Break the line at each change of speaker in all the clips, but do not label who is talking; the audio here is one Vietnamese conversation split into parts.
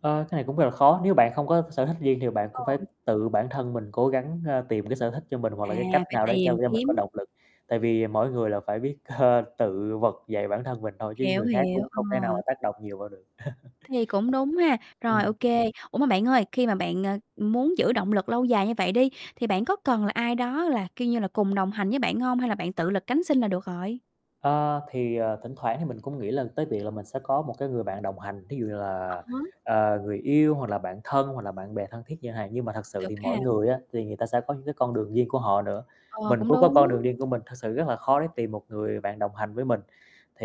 Ờ, cái này cũng rất là khó. Nếu bạn không có sở thích riêng thì bạn
Ờ.
cũng phải tự bản thân mình cố gắng, ờ, tìm cái sở thích cho mình hoặc
À,
là cái cách
phải
nào đấy cho
tìm
cho mình có
kiếm.
động lực. Tại vì mỗi người là phải biết, ờ, tự vực dậy bản thân mình thôi chứ
Hiểu,
người khác
hiểu.
cũng không thể nào
Ờ.
mà tác động nhiều vào được.
Thì cũng đúng ha. Rồi,
Ừm.
OK. Ủa, mà bạn ơi, khi mà bạn, à, muốn giữ động lực lâu dài như vậy đi thì bạn có cần là ai đó là, kiểu như là, cùng đồng hành với bạn hông? Hay là bạn tự lực cánh sinh là được rồi?
A, thì, ờ, thỉnh thoảng thì mình cũng nghĩ là tới việc là mình sẽ có một cái người bạn đồng hành, thí dụ như
À
là,
há.
à, người yêu hoặc là bạn thân hoặc là bạn bè thân thiết chẳng hạn. Nhưng mà thật sự
Được
thì
ha.
mỗi người á, thì người ta sẽ có những cái con đường riêng của họ nữa.
Ờ,
Mình
cũng
cũng có con
đúng.
đường riêng của mình, thực sự rất là khó để tìm một người bạn đồng hành với mình.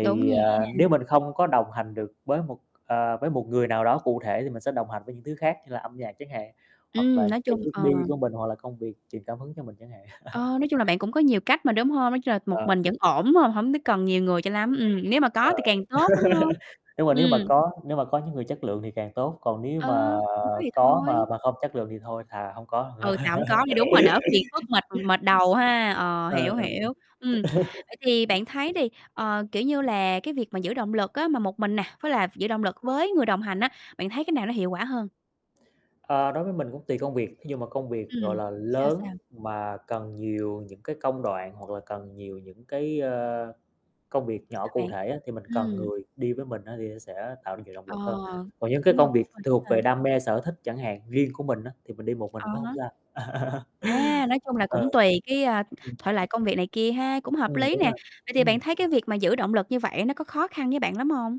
Đúng nha.
à, nếu mình không có đồng hành được với một, à, với một người nào đó cụ thể thì mình sẽ đồng hành với những thứ khác như là âm nhạc chẳng hạn, hoặc là
Ừm. Nói
những cái
chung
hướng
ờ.
đi của mình hoặc là công việc truyền cảm hứng cho mình chẳng hạn.
Ờ, nói chung là bạn cũng có nhiều cách mà, đúng hông? Nói chung là một
Ờ.
mình vẫn ổn phải hông? Hổng có cần nhiều người cho lắm, ừm, nếu mà
Ờ.
có thì càng tốt, đúng hông?
Nhưng mà nếu mà
Ừm.
có, nếu mà có những người chất lượng thì càng tốt, còn nếu
Ờ.
mà
Hông có thì
có mà
thôi.
mà không chất lượng thì thôi thà hông có còn hơn.
Ừ. Thà hông có đi. Đúng rồi, đỡ phiền phức mệt mệt đầu ha. Ờ,
Ờ,
hiểu,
ờ. Ừm.
hiểu. Ừm. Vậy thì bạn thấy đi, ờ, kiểu như là, cái việc mà giữ động lực á, mà một mình nè, với là giữ động lực với người đồng hành á, bạn thấy cái nào nó hiệu quả hơn?
À, đối với mình cũng tùy công việc. Thí dụ mà công việc, gọi
Ừm.
là,
Sao sao?
lớn mà cần nhiều những cái công đoạn hoặc là cần nhiều những cái, à, công việc nhỏ
Sao bạn?
cụ thể á, thì mình cần
Ừm.
người đi với mình á, thì nó sẽ tạo ra nhiều động
Ờ.
lực hơn. Còn những cái
Đúng rồi,
công
cũng
việc
tùy
thuộc về
à.
đam mê, sở thích chẳng hạn, riêng của mình á, thì mình đi một mình
À
cũng hông
há.
sao.
À, nói chung là
Ờ.
cũng tùy cái, ờ,
Ừm.
thể loại công việc này kia ha, cũng hợp
Ừm,
lý
đúng
nè.
rồi.
Vậy thì
Ừm.
bạn thấy cái việc mà giữ động lực như vậy á, nó có khó khăn với bạn lắm hông?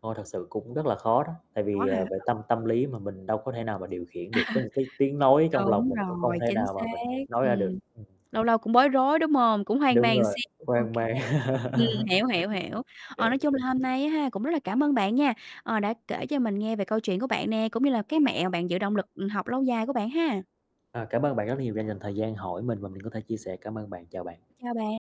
Ôi, thật sự cũng rất là khó đó. Tại
Có
vì,
hả?
à, về tâm
Ờ.
tâm lý mà mình đâu có thể nào mà điều khiển được. Có những cái tiếng nói trong lòng
Đúng
mình cũng không
rồi,
thể
chính
nào
xác.
mà mình nói ra được.
Ừm.
Ừm.
Lâu lâu cũng bối rối, đúng hông? Cũng hoang
Đúng
mang một
rồi.
xíu. OK.
Hoang mang.
Ừm, hiểu, hiểu, hiểu. Ờ,
Hiểu.
nói chung là hôm nay á ha, cũng rất là cảm ơn bạn nha, ờ, đã kể cho mình nghe về câu chuyện của bạn nè, cũng như là cái mẹo bạn giữ động lực học lâu dài của bạn ha.
À, cảm ơn bạn rất là nhiều đã dành thời gian hỏi mình và mình có thể chia sẻ. Cảm ơn bạn, chào bạn.
Chào bạn.